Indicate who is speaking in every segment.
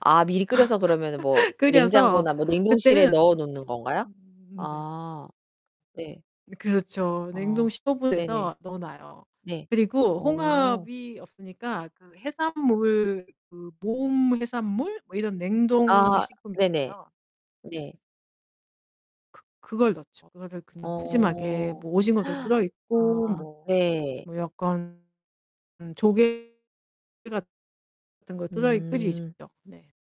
Speaker 1: 아 미리 끓여서 그러면은 뭐
Speaker 2: 끓여서
Speaker 1: 냉장고나 뭐 냉동실에 넣어
Speaker 2: 그때는
Speaker 1: 놓는 건가요?
Speaker 2: 음 네.
Speaker 1: 아. 네.
Speaker 2: 이 그렇죠. 냉동
Speaker 1: 아
Speaker 2: 15
Speaker 1: 네네.
Speaker 2: 도에서 넣어 놔요.
Speaker 1: 네.
Speaker 2: 그리고
Speaker 1: 어.
Speaker 2: 홍합이 없으니까 그 해산물 그 모음 해산물? 뭐 이런 냉동
Speaker 1: 아
Speaker 2: 식품
Speaker 1: 네네.
Speaker 2: 있어요.
Speaker 1: 네.
Speaker 2: 그 그걸 넣죠. 그거를 그냥 푸짐하게
Speaker 1: 어.
Speaker 2: 뭐 오징어도 들어 있고
Speaker 1: 아
Speaker 2: 뭐
Speaker 1: 네.
Speaker 2: 뭐 약간 음 조개 같은 거 들어이 끓이죠.
Speaker 1: 음.
Speaker 2: 네.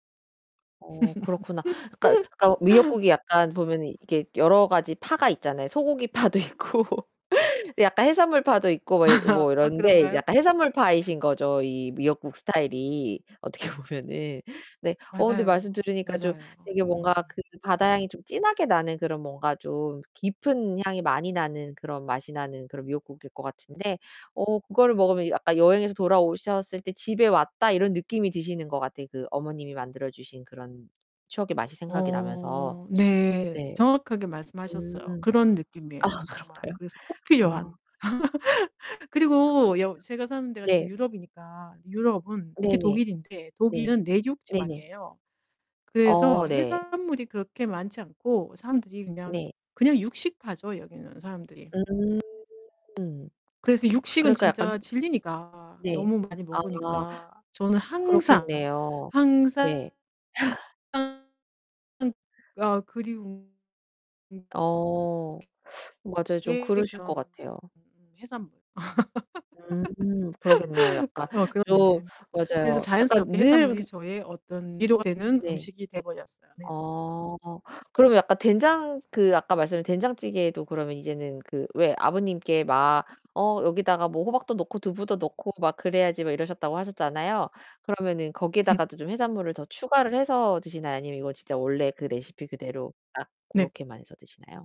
Speaker 1: 어 그렇구나. 그러니까 그러니까 뭐 미역국이 약간 보면은 이게 여러 가지 파가 있잖아요. 소고기 파도 있고 약간 해산물 파도 있고 뭐 이 뭐
Speaker 2: 아
Speaker 1: 이런데 이제
Speaker 2: 그런가요?
Speaker 1: 약간 해산물 파이신거죠 이 미역국 스타일이 어떻게 보면은. 네 어 근데 말씀
Speaker 2: 맞아요.
Speaker 1: 들으니까 좀
Speaker 2: 맞아요.
Speaker 1: 되게 뭔가
Speaker 2: 음.
Speaker 1: 그 바다 향이 좀 진하게 나는 그런 뭔가 좀 깊은 향이 많이 나는 그런 맛이 나는 그런 미역국일 것 같은데 어 그거를 먹으면 아까 여행에서 돌아오셨을 때 '집에 왔다.' 이런 느낌이 드시는 것 같아요. 그 어머님이 만들어 주신 그런 추억의 맛이 생각이
Speaker 2: 어
Speaker 1: 나면서.
Speaker 2: 네
Speaker 1: 네.
Speaker 2: 정확하게 말씀하셨어요.
Speaker 1: 음.
Speaker 2: 그런 느낌이에요
Speaker 1: 아
Speaker 2: 정말.
Speaker 1: 그런가요?
Speaker 2: 그래서 꼭 필요한
Speaker 1: 아.
Speaker 2: 그리고 여 제가 사는 데가 지금
Speaker 1: 네.
Speaker 2: 유럽이니까 유럽은 특히
Speaker 1: 네네.
Speaker 2: 독일인데
Speaker 1: 네.
Speaker 2: 독일은 내륙
Speaker 1: 네네.
Speaker 2: 지방이에요. 그래서
Speaker 1: 어 네.
Speaker 2: 해산물이 그렇게 많지 않고 사람들이 그냥
Speaker 1: 네.
Speaker 2: 그냥 육식파죠 여기는 사람들이.
Speaker 1: 음
Speaker 2: 그래서 육식은
Speaker 1: 그러니까 약간
Speaker 2: 진짜 질리니까
Speaker 1: 네.
Speaker 2: 너무 많이
Speaker 1: 아.
Speaker 2: 먹으니까 저는 항상,
Speaker 1: 그렇겠네요.
Speaker 2: 항상,
Speaker 1: 네.
Speaker 2: 항상 아 그리운 음
Speaker 1: 어 맞아요. 좀
Speaker 2: 게
Speaker 1: 그러실 것
Speaker 2: 그런
Speaker 1: 같아요.
Speaker 2: 음 해산물.
Speaker 1: 음 그러겠네요 약간.
Speaker 2: 어
Speaker 1: 좀
Speaker 2: 그렇네. 그래서
Speaker 1: 맞아요. 약간
Speaker 2: 자연스럽게
Speaker 1: 늘
Speaker 2: 해산물이
Speaker 1: 그
Speaker 2: 저의 어떤 위로가 되는
Speaker 1: 네.
Speaker 2: 음식이 돼 버렸어요. 네.
Speaker 1: 어 그러면 약간 된장 그 아까 말씀하신 된장찌개에도 그러면 이제는 그 왜 아버님께 막 "어 여기다가 뭐 호박도 넣고 두부도 넣고 막 그래야지." 막 이러셨다고 하셨잖아요. 그러면은 거기에다가도 좀 해산물을 더 추가를 해서 드시나요? 아니면 이거 진짜 원래 그 레시피 그대로 딱
Speaker 2: 네.
Speaker 1: 고렇게만 해서 드시나요?